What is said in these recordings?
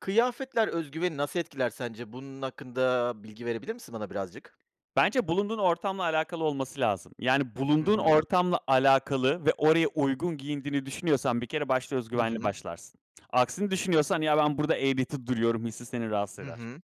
Kıyafetler öz güveni nasıl etkiler sence? Bunun hakkında bilgi verebilir misin bana birazcık? Bence bulunduğun ortamla alakalı olması lazım. Yani, Hı bulunduğun hı. ortamla alakalı ve oraya uygun giyindiğini düşünüyorsan bir kere, başta öz Hı güvenli hı. başlarsın. Aksini düşünüyorsan, "Ya, ben burada eğreti duruyorum." hissi seni rahatsız Hı eder. hı.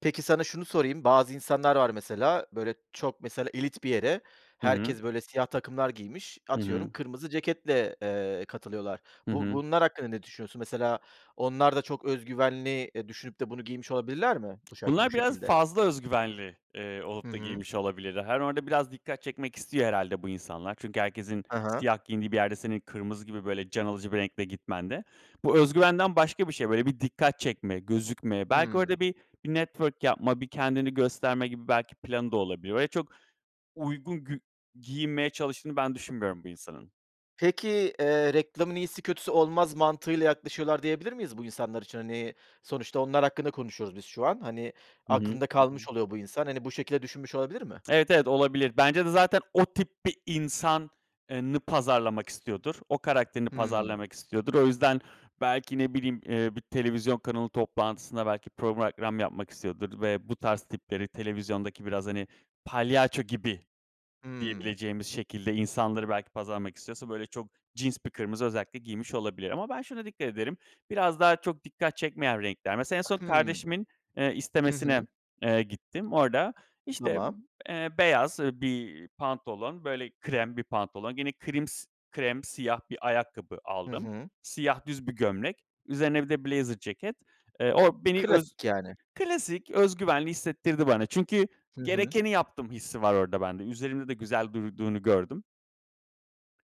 Peki sana şunu sorayım: Bazı insanlar var mesela, böyle, çok mesela elit bir yere Hı hı. herkes, böyle, siyah takımlar giymiş, Hı atıyorum, hı. kırmızı ceketle, eee, katılıyorlar. Hı Bu hı. bunlar hakkında ne düşünüyorsun? Mesela onlar da çok öz güvenli, eee, düşünüp de bunu giymiş olabilirler mi bu şak bu Bunlar biraz şekilde? fazla öz güvenli, eee, Hı olup da hı. giymiş olabilirler. Hani, orada biraz dikkat çekmek istiyor herhâlde bu insanlar çünkü herkesin Ha ha. siyah giyindiği bir yerde senin kırmızı gibi, böyle, can alıcı bir renkle gitmen de bu öz güvenden başka bir şey. Böyle, bir dikkat çekmek, gözükme. Belki Hımm. orada bir bir network yapmak, bir kendini gösterme gibi belki planı da olabilir. Öyle çok uygun gü giyinmeye çalıştığını ben düşünmüyorum bu insanın. Peki, eee, reklamın iyisi, kötüsü olmaz mantığıyla yaklaşıyorlar diyebilir miyiz bu insanlar için? Hani, sonuçta onlar hakkında konuşuyoruz biz şu an. Hani, Hı hı, aklında hı kalmış hı. oluyor bu insan. Hani, bu şekilde düşünmüş olabilir mi? Evet, evet, olabilir. Bence de zaten o tip bir insan eee, nı pazarlamak istiyordur. O karakterini Hımm. pazarlamak istiyordur. O yüzden belki, ne bileyim, eee, bir televizyon kanalı toplantısında belki program yapmak istiyordur ve bu tarz tipleri televizyondaki biraz, hani, palyaço gibi Hımm. diyebileceğimiz şekilde insanları belki pazarlamak istiyorsa, böyle, çok cins bir kırmızı özellikle giymiş olabilir. Ama ben şuna dikkat ederim, biraz daha çok dikkat çekmeyen renkler. Mesela, en son Hımm. kardeşimin, eee, Hı istemesine, hı. eee, gittim. Orada, işte, Tamam. eee, beyaz, ııı, bir pantolon, böyle, krem bir pantolon, gene krims krem, siyah bir ayakkabı Hı aldım. hı. Siyah düz bir gömlek, üzerine bir de blazer ceket. Eee, o beni öz Klasik yani. Klasik. Öz güvenli hissettirdi bana çünkü Hı hı. gerekeni yaptım hissi var orada bende. Üzerimde de güzel durduğunu gördüm.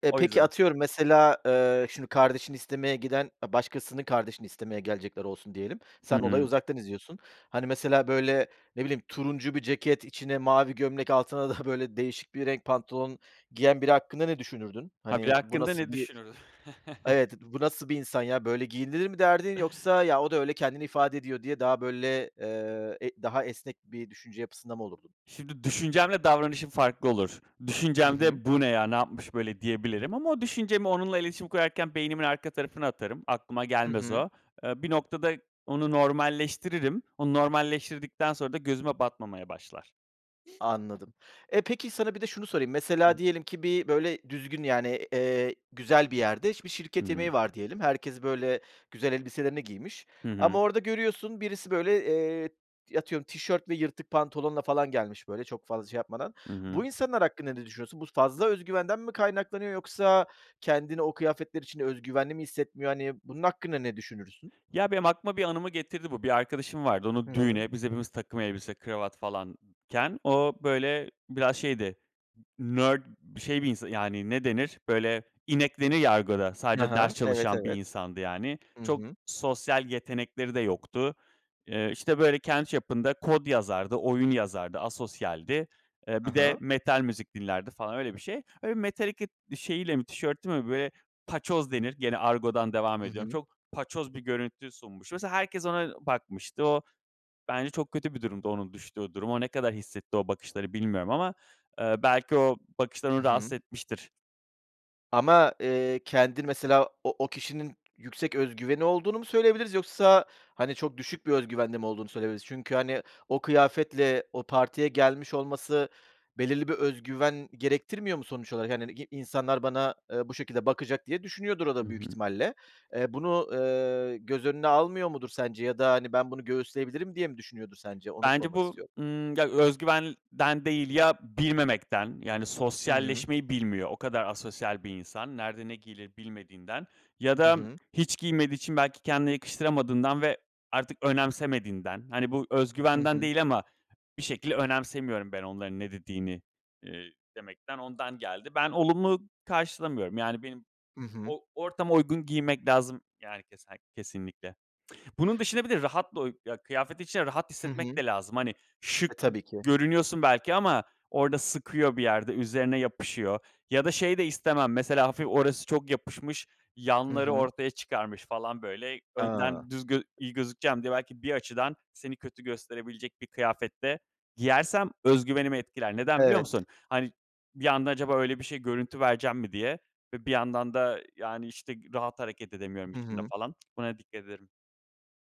Eee, O peki, yüzden. atıyorum, mesela, eee, şimdi kardeşini istemeye giden, eee, başkasının kardeşini istemeye gelecekler olsun diyelim. Hı Sen olayı hı. uzaktan izliyorsun. Hani, mesela böyle, ne bileyim, turuncu bir ceket, içine mavi gömlek, altına da böyle değişik bir renk pantolon giyen biri hakkında düşünürdün? Ha, bir de Hani, bu hakkında nasıl ne bir düşünür? Evet, b bu nasıl bir insan ya, böyle giyinilir mi derdin yoksa "Ya, o da öyle kendini ifade ediyor." diye daha böyle, eee, e daha esnek bir düşünce yapısında mı olurdun? Şimdi düşüncemle davranışım farklı olur. Hı hı. Düşüncemde, "Bu ne ya, ne yapmış böyle?" diyebilirim ama o düşüncemi onunla iletişim kurarken beynimin arka tarafına atarım. Aklıma Hı gelmez hı. o. Eee, bir noktada onu normalleştiririm. Onu normalleştirdikten sonra da gözüme batmamaya başlar. Anladım. E, peki sana bir de şunu sorayım. Mesela diyelim ki böyle düzgün, yani, eee, güzel bir yerde, bir şirket Imm. yemeği var diyelim. Herkes böyle güzel elbiselerini giymiş Hı hı. ama orada görüyorsun, birisi böyle, eee, atıyorum tişört ve yırtık pantolonla falan gelmiş, böyle çok fazla şey yapmadan. Hı hı. Bu insanlar hakkında ne düşünüyorsun? Bu fazla özgüvenden mi kaynaklanıyor yoksa kendini o kıyafetler içinde özgüvenli mi hissetmiyor? Hani, bunun hakkında ne düşünürsün? Ya, benim aklıma bir anımı getirdi bu: Bir arkadaşım vardı. Hı Onu hı. düğüne, biz hepimiz takım elbise, kravat falanken o böyle biraz şeydi, nerd bir şey, bir insan yani, ne denir böyle, inek denir ya argoda, Hı sadece ders hı, evet, çalışan bir evet. insandı yani. Hı Çok hı. sosyal yetenekleri de yoktu. Eee, işte, böyle, kendi çapında kod yazardı, oyun yazardı, asosyaldi. Eee, Hı bir de hı. metal müzik dinlerdi falan, öyle bir şey. Öyle Metallica bir şeyiyle mi tişört mü, böyle paçoz denir, gene argodan devam Hı ediyorum. hı. Çok paçoz bir görüntü sunmuş. Mesela herkes ona bakmıştı. O bence çok kötü bir durumdu, onun düştüğü durum. O ne kadar hissetti o bakışları bilmiyorum ama, eee, belki o bakışlar Hı onu rahatsız hı. etmiştir. Ama, eee, kendin mesela o o kişinin yüksek özgüveni olduğunu mu söyleyebiliriz yoksa, hani, çok düşük bir özgüvende mi olduğunu söyleyebiliriz? Çünkü, hani, o kıyafetle o partiye gelmiş olması belirli bir özgüven gerektirmiyor mu sonuç olarak? Hani, i insanlar bana, eee, bu şekilde bakacak diye düşünüyordur o Hı da büyük hı. ihtimalle. Eee, bunu, eee, göz önüne almıyor mudur sence ya da, hani, ben bunu göğüsleyebilirim diye mi düşünüyordur sence, onu Bence sormak bu, istiyorum. ımm, ya öz güvenden değil, ya bilmemekten, yani Hı hı. sosyalleşmeyi bilmiyor. O kadar asosyal bir insan, nerede ne giyilir bilmediğinden ya Hı da hı. hiç giymediği için belki kendine yakıştıramadığından ve artık önemsemediğinden, hani, bu Hı özgüvenden hı. değil ama bir şekilde önemsemiyorum ben onların ne dediğini, ııı, demekten ondan geldi. Ben olumlu karşılamıyorum. Yani benim Hı hı. o ortama uygun giymek lazım. Yani kese kesinlikle. Bunun dışında bir de rahat [unintelligible] ya kıyafetin içinde rahat Hı hissetmek hı. de lazım. Hani şık E, tabii ki. görünüyorsun belki ama orada sıkıyor bir yerde, üzerine yapışıyor ya da şey de istemem mesela hafif orası çok yapışmış, Hı yanları hı. ortaya çıkarmış falan böyle, A! önden düz gö iyi gözükeceğim diye belki bir açıdan seni kötü gösterebilecek bir kıyafet de giyersem özgüvenimi etkiler. Neden, biliyor Evet. musun? Hani bir anda acaba öyle bir şey görüntü verecek miyim diye ve bir yandan da, yani, işte, rahat hareket edemiyorum Hı içinde hı. falan. Buna dikkat ederim.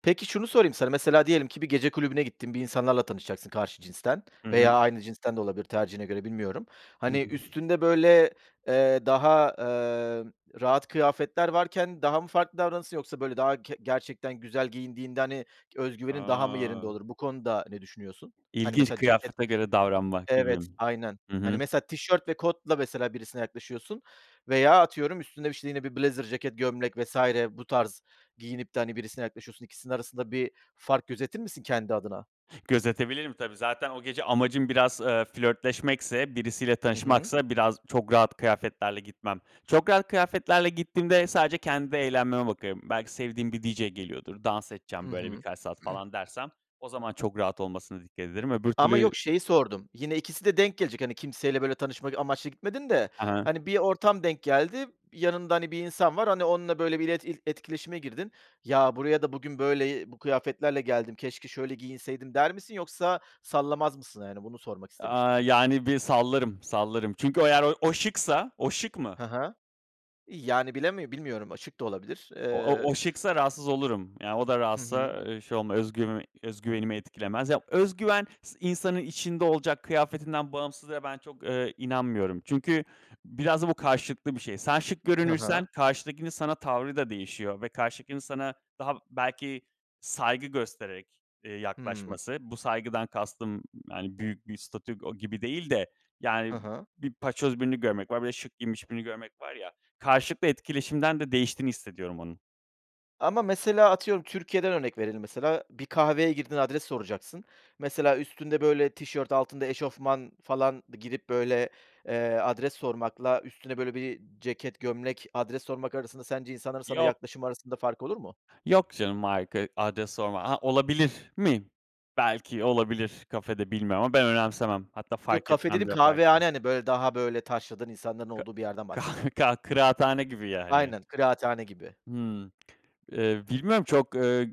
Peki, şunu sorayım sana: Mesela diyelim ki bir gece kulübüne gittin, bir insanlarla tanışacaksın, karşı cinsten Hı hı. veya aynı cinsten de olabilir, tercihine göre, bilmiyorum. Hani [unintelligible] üstünde, böyle, eee, daha, eee, rahat kıyafetler varken daha mı farklı davranırsın yoksa böyle daha ke gerçekten güzel giyindiğinde, hani, öz güvenin daha mı yerinde A! olur? Bu konuda ne düşünüyorsun? Hani, İlginç, mesela ceket, kıyafete göre davranmak gibi. evet, aynen, Hı hani, hı. mesela tişört ve kotla mesela birisine yaklaşıyorsun veya atıyorum, üstüne, işte, yine bir blazer ceket, gömlek vs. bu tarz giyinip de, hani, birisine yaklaşıyorsun, ikisinin arasında bir fark gözetir misin kendi adına? Gözetebilirim tabii. Zaten o gece amacım biraz, eee, flörtleşmekse, birisiyle Hı hı. tanışmaksa biraz çok rahat kıyafetlerle gitmem. Çok rahat kıyafetlerle gittiğimde sadece kendi eğlenmeme bakıyorum. Belki sevdiğim bir DJ geliyordur. Dans Hı edeceğim böyle hı. birkaç saat falan dersem o zaman çok rahat olmasına dikkat ederim, öbür Ama türlü yok, şeyi sordum, yine 2'si de denk gelecek; hani kimseyle böyle tanışmak amaçlı gitmedin de, Ha hani, bir ortam denk geldi, yanında, hani, bir insan var, hani, onunla böyle bir ilet ilt etkileşime girdin ya, buraya da bugün böyle i bu kıyafetlerle geldim, keşke şöyle giyinseydim der misin yoksa sallamaz mısın? Yani bunu sormak istemiştim. Aaa, yani bir sallarım, sallarım çünkü o eğer o o şıksa o şık mı? Hı hı, yani bilemi bilmiyorum açık da olabilir. O o Eee o şıksa rahatsız olurum. Yani o da Hı hı. rahatsa, eee, şey olma özgüv öz güvenimi etkilemez. Ya, öz güven is insanın içinde olacak, kıyafetinden bağımsız ve ben çok, eee, inanmıyorum. Çünkü biraz da bu karşılıklı bir şey. Sen şık Hı görünürsen hı. karşıdakinin sana tavrı da değişiyor ve karşıdakinin sana daha belki saygı göstererek, eee, Hıı. yaklaşması; bu saygıdan kastım, hani, büyük bir statüko gibi değil de, yani, Hı hı. bir paçoz birini görmek var bir de şık giyinmiş birini görmek var ya, karşılıklı etkileşimden de değiştiğini hissediyorum onun. Ama mesela, atıyorum, Türkiye’den örnek verelim mesela, bir kahveye girdin, adres soracaksın. Mesela, üstünde böyle tişört, altında eşofman falan, girip böyle, eee, adres sormakla, üstüne böyle bir ceket, gömlek, adres sormak arasında sence insanların sana Yok. yaklaşımı arasında fark olur mu? Yok canım [unintelligible] adres sorma. Ha, olabilir mi? Belki olabilir kafede, bilmiyorum ama ben önemsemem. Hatta Yok, fark kafe etmem dediğim kahvehane, yaparken. hani, böyle, daha, böyle, taşradan insanların Ka olduğu bir yerden kah bahsettim. kah kıraathane gibi yani. Aynen, kıraathane gibi. Hımm. Eee, bilmem, çok, ııı,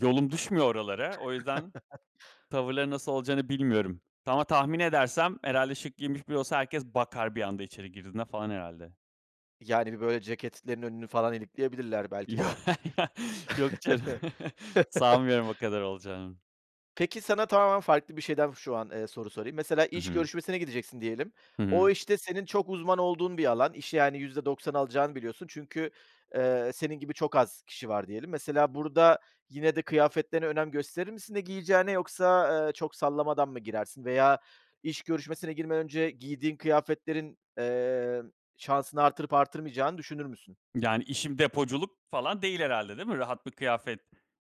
yolum düşmüyor oralara. O yüzden tavırları nasıl olacağını bilmiyorum ama tahmin edersem herhâlde şık giyinmiş biri olsa herkes bakar bir anda içeri girdiğinde falan herhâlde. Yani, bir böyle ceketlerin önünü falan ilikleyebilirler belki Yo de. ya yok canım, sanmıyorum o kadar olacağını. Peki, sana tamamen farklı bir şeyden şu an, eee, soru sorayım. Mesela Hı iş hı. görüşmesine gideceksin diyelim. Hı O hı. iş de senin çok uzman olduğun bir alan, işi yani %90 alacağını biliyorsun çünkü, eee, senin gibi çok az kişi var diyelim. Mesela, burada yine de kıyafetlerine önem gösterir misin, ne giyeceğine yoksa, ııı, çok sallamadan mı girersin veya iş görüşmesine girmeden önce giydiğin kıyafetlerin, eee, şansını arttırıp artırmayacağını düşünür müsün? Yani, işim depoculuk falan değil herhâlde değil mi? Rahat bir kıyafet,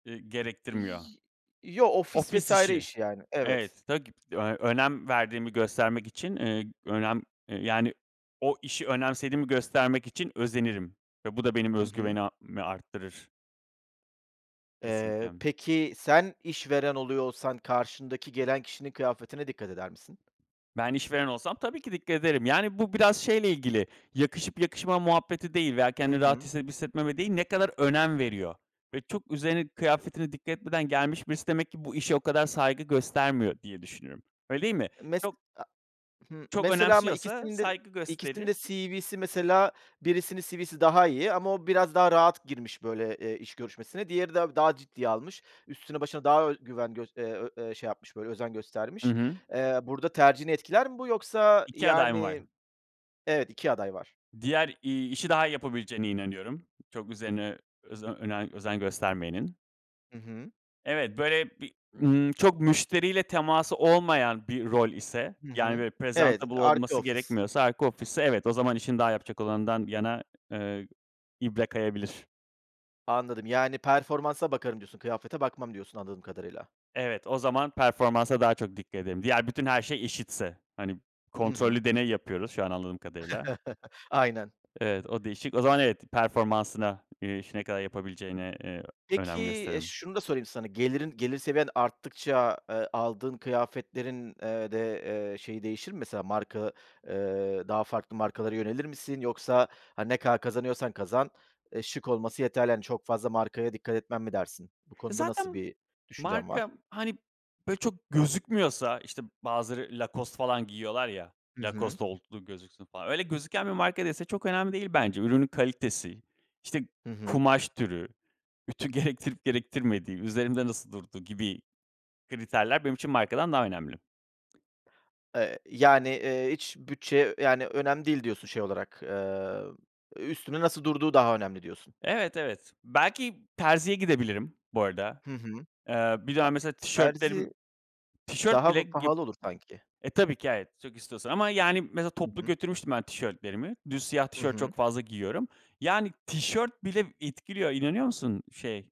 ııı, gerektirmiyor. Y yo, ofis Ofis vs. işi, işi, yani. Evet. evet, [unintelligible] eee, önem verdiğimi göstermek için, ııı, önem, ııı, yani o işi önemsediğimi göstermek için özenirim ve bu da benim Hı öz hı. güvenimi arttırır. Eee, Kesinlikle. peki, sen işveren oluyor olsan karşındaki gelen kişinin kıyafetine dikkat eder misin? Ben işveren olsam tabii ki dikkat ederim. Yani, bu biraz şeyle ilgili, yakışıp yakışmama muhabbeti değil veya Hı kendini rahat hı. hissedip hissetmeme değil, ne kadar önem veriyor ve çok üzerine kıyafetine dikkat etmeden gelmiş birisi. Demek ki bu işe o kadar saygı göstermiyor diye düşünüyorum. Öyle değil mi? Eee, mes Çok a Hı, çok mesela ama önemsiyorsa ikisinin de saygı ikisinin gösterir. de CV'si mesela birisinin CV'si daha iyi ama o biraz daha rahat girmiş böyle, ııı, iş görüşmesine. Diğeri de daha ciddiye almış. Üstüne başına daha ö güven gös eee, ö eee şey yapmış böyle özen Hı göstermiş. hı. Eee, burada tercihini etkiler mi bu yoksa, 2 aday mı var? yani Evet, 2 aday var. Diğer, iii, işi daha iyi yapabileceğine inanıyorum. Çok üzerine özen önem özen göstermeyenin. Hı hı. Evet, böyle bir ımm, çok müşteriyle teması olmayan bir rol ise, Hı yani, hı. böyle, Evet, prezantabl arka olması ofis. gerekmiyorsa, arka ofis ise evet, o zaman işini daha yapacak olandan yana, ııı, ibre kayabilir. Anladım, yani performansa bakarım diyorsun, kıyafete bakmam diyorsun anladığım kadarıyla. Evet, o zaman performansa daha çok dikkat ederim. Diğer bütün her şey eşitse, hani, Hı hı. kontrollü deney yapıyoruz şu an anladığım kadarıyla. Aynen. Evet, o değişik, o zaman evet performansına, eee, işi ne kadar yapabileceğine, eee, Peki, önem e, gösteririm. şunu da sorayım sana, gelirin gelir seviyen arttıkça, eee, aldığın kıyafetlerin, eee, de, eee, şeyi değişir mi? Mesela marka, eee, daha farklı markalara yönelir misin? Yoksa, hani, ne kadar kazanıyorsan kazan, eee, şık olması yeterli, hani, çok fazla markaya dikkat etmem mi dersin? Bu konuda nasıl Zaten bir düşüncen var? marka, hani, böyle, çok gözükmüyorsa, işte, bazıları Lacoste falan giyiyorlar ya, Hı hı. Lacoste olduğu gözüksün falan öyle gözüken bir marka değilse çok önemli değil bence. Ürünün kalitesi, işte, Hı hı. kumaş türü, ütü gerektirip gerektirmediği, üzerimde nasıl durduğu gibi kriterler benim için markadan daha önemli. Eee, yani, ııı, hiç bütçe, yani, önemli değil diyorsun, şey olarak, ııı, üstünde nasıl durduğu daha önemli diyorsun. Evet, evet, belki terziye gidebilirim, bu arada. Hı hı. Aaa, bir dönem mesela tişörtlerim Terzi tişört daha bir bile pahalı olur sanki. e, tabii ki evet, çok istiyorsan ama, yani, mesela Hı toplu hı. götürmüştüm ben tişörtlerimi. Düz siyah Hı tişört hı. çok fazla giyiyorum. Yani tişört bile etkiliyor. İnanıyor musun, şey,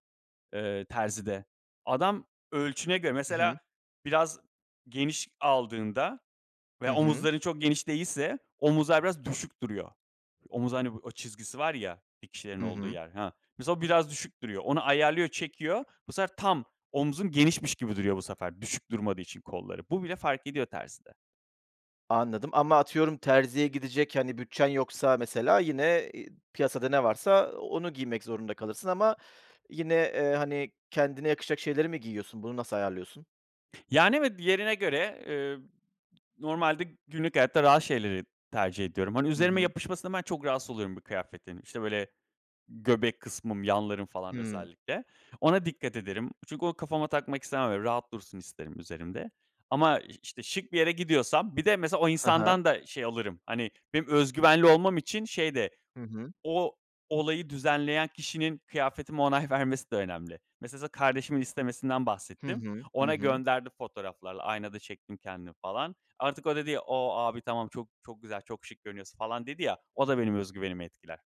ııı, terzide. Adam ölçüne göre Hı hı. mesela biraz geniş aldığında Hı veya hı. omuzların çok geniş değilse omuzlar biraz düşük duruyor. Omuz, hani o çizgisi var ya, dikişlerin Hı olduğu hı. yer, ha, mesela biraz düşük duruyor, onu ayarlıyor, çekiyor. Bu sefer tam omzun genişmiş gibi duruyor. Bu sefer düşük durmadığı için kolları, bu bile fark ediyor terzide. Anladım ama atıyorum terziye gidecek, hani, bütçen yoksa mesela yine, eee, piyasada ne varsa onu giymek zorunda kalırsın ama yine, eee, hani, kendine yakışacak şeyleri mi giyiyorsun? Bunu nasıl ayarlıyorsun? Yani, evet, diğerine göre, ııı, normalde günlük hayatta rahat şeyleri tercih ediyorum. Hani, Hı üzerime hı. yapışmasından ben çok rahatsız oluyorum bir kıyafetin, işte, böyle göbek kısmım, yanlarım, falan, Hımm. özellikle ona dikkat ederim. Çünkü onu kafama takmak istemem, öyle rahat dursun isterim üzerimde ama iş işte şık bir yere gidiyorsam bir de, mesela, o Hı hı. insandan da şey alırım. Hani, benim öz güvenli olmam için şey de Hı hı. o olayı düzenleyen kişinin kıyafetime onay vermesi de önemli. Mesela, sana kardeşimin istemesinden Hı bahsettim, hı, hı ona hı. gönderdim fotoğraflarla, aynada çektim kendimi, falan. Artık o dedi, "O, abi, tamam, çok, çok güzel, çok şık görünüyorsun, falan." dedi ya, o da benim öz güvenimi etkiler.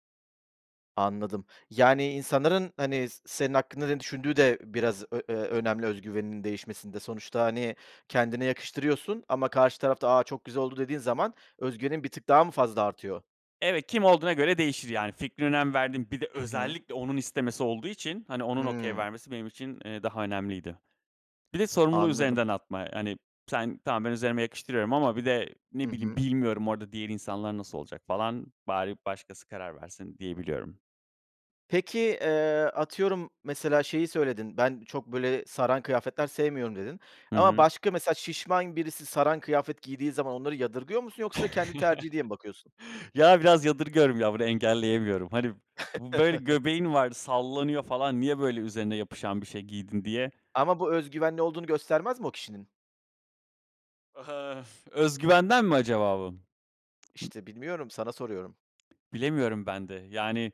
Anladım, yani insanların hani s senin hakkında ne düşündüğü de biraz ö eee, önemli öz güveninin değişmesinde. Sonuçta hani kendine yakıştırıyorsun ama karşı taraf da "A, çok güzel oldu." dediği zaman öz güvenin bir tık daha mı fazla artıyor? Evet, kim olduğuna göre değişir yani. Fikrine önem verdiğim, bir de Hı hı. özellikle onun istemesi olduğu için, hani onun okay Hıı. vermesi benim için, eee, daha önemliydi. Bir de sorumluluğu Anladım. üzerinden atma, hani sen, tamam ben üzerime yakıştırıyorum ama bir de Hı ne bileyim, hı. bilmiyorum orada diğer insanlar nasıl olacak falan, bari başkası karar versin diyebiliyorum. Peki, eee, atıyorum, mesela şeyi söyledin: Ben çok, böyle, saran kıyafetler sevmiyorum, dedin Hı ama hı. başka, mesela şişman birisi saran kıyafet giydiği zaman onları yadırgıyor musun yoksa kendi tercihi diye mi bakıyorsun? Ya, biraz yadırgıyorum ya, bunu engelleyemiyorum. Hani b böyle göbeğin var, sallanıyor falan, niye böyle üzerine yapışan bir şey giydin, diye. Ama bu öz güvenli olduğunu göstermez mi o kişinin? Aha, öz güvenden mi acaba bu? [unintelligible] İşte, bilmiyorum, sana soruyorum. Bilemiyorum ben de. Yani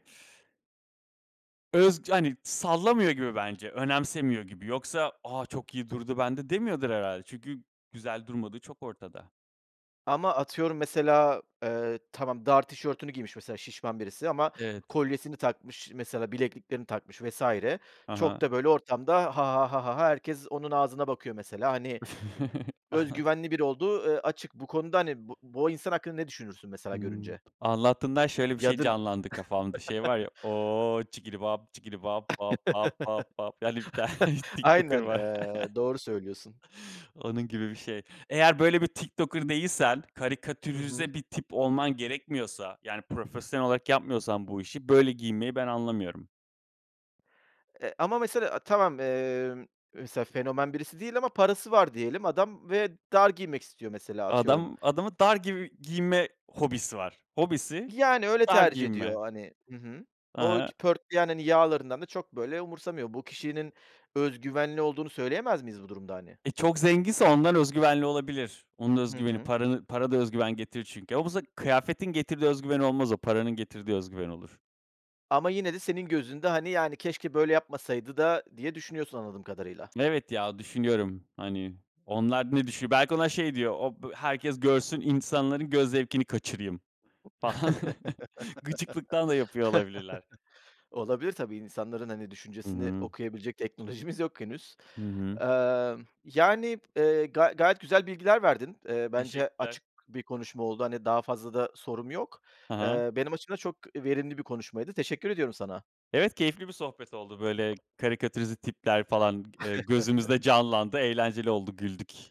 öz yani sallamıyor gibi bence, önemsemiyor gibi. Yoksa "A, çok iyi durdu bende." demiyordur herhâlde. Çünkü güzel durmadığı çok ortada. Ama atıyorum, mesela, eee, tamam, dar tişörtünü giymiş mesela şişman birisi ama Evet. kolyesini takmış, mesela bilekliklerini takmış vs. Ha Çok ha. da böyle ortamda "ha ha ha ha ha ha", herkes onun ağzına bakıyor mesela. Hani öz güvenli biri olduğu, ııı, açık, bu konuda hani bu bu insan hakkında ne düşünürsün Hı. mesela görünce? Anlattığından şöyle bir şey Yadır canlandı kafamda, şey var ya: "O! Çikili vap, çikili vap, vap, vap, vap, vap." Yani bir tane TikToker Aynen, var. eee, doğru söylüyorsun. Onun gibi bir şey. Eğer böyle bir TikToker değilsen, Hı hı. karikatürize bir tip olman gerekmiyorsa, yani profesyonel olarak yapmıyorsan bu işi, böyle giyinmeyi ben anlamıyorum. Eee, ama mesela, eee, tamam, eee, mesela fenomen birisi değil ama parası var diyelim. Adam ve dar giymek istiyor mesela, atıyorum. Adam adamın dar gibi giyinme hobisi var. Hobisi, Yani öyle dar tercih giyinme. ediyor, hani, hı hı. Hı O hı. ki pörtleyen hani yağlarından da çok böyle umursamıyor. Bu kişinin öz güvenli olduğunu söyleyemez miyiz bu durumda hani? E, çok zenginse ondan öz güvenli olabilir. Onun öz Hı güveni, hı. paranı para da öz güven getirir çünkü. Ama bu se kıyafetin getirdiği öz güven olmaz o, paranın getirdiği öz güven olur. Ama yine de senin gözünde hani, yani, keşke böyle yapmasaydı da diye düşünüyorsun anladığım kadarıyla. Evet ya, düşünüyorum, hani onlar ne düşünüyor? Belki ona şey diyor, o b herkes görsün, insanların göz zevkini kaçırayım falan gıcıklıktan da yapıyor olabilirler. Olabilir tabii, insanların, hani, Hı düşüncesini hı. okuyabilecek teknolojimiz yok henüz. Hı hı. Eee, yani, eee, ga gayet güzel bilgiler verdin. Eee, bence Teşekkürler. açık bir konuşma oldu, hani daha fazla da sorum yok. Hı hı. Eee, benim açımdan çok verimli bir konuşmaydı, teşekkür ediyorum sana. Evet, keyifli bir sohbet oldu, böyle karikatürize tipler falan, eee, gözümüzde canlandı, eğlenceli oldu, güldük.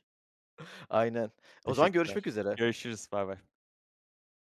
Aynen. O zaman görüşmek Teşekkürler, üzere. görüşürüz, baybay.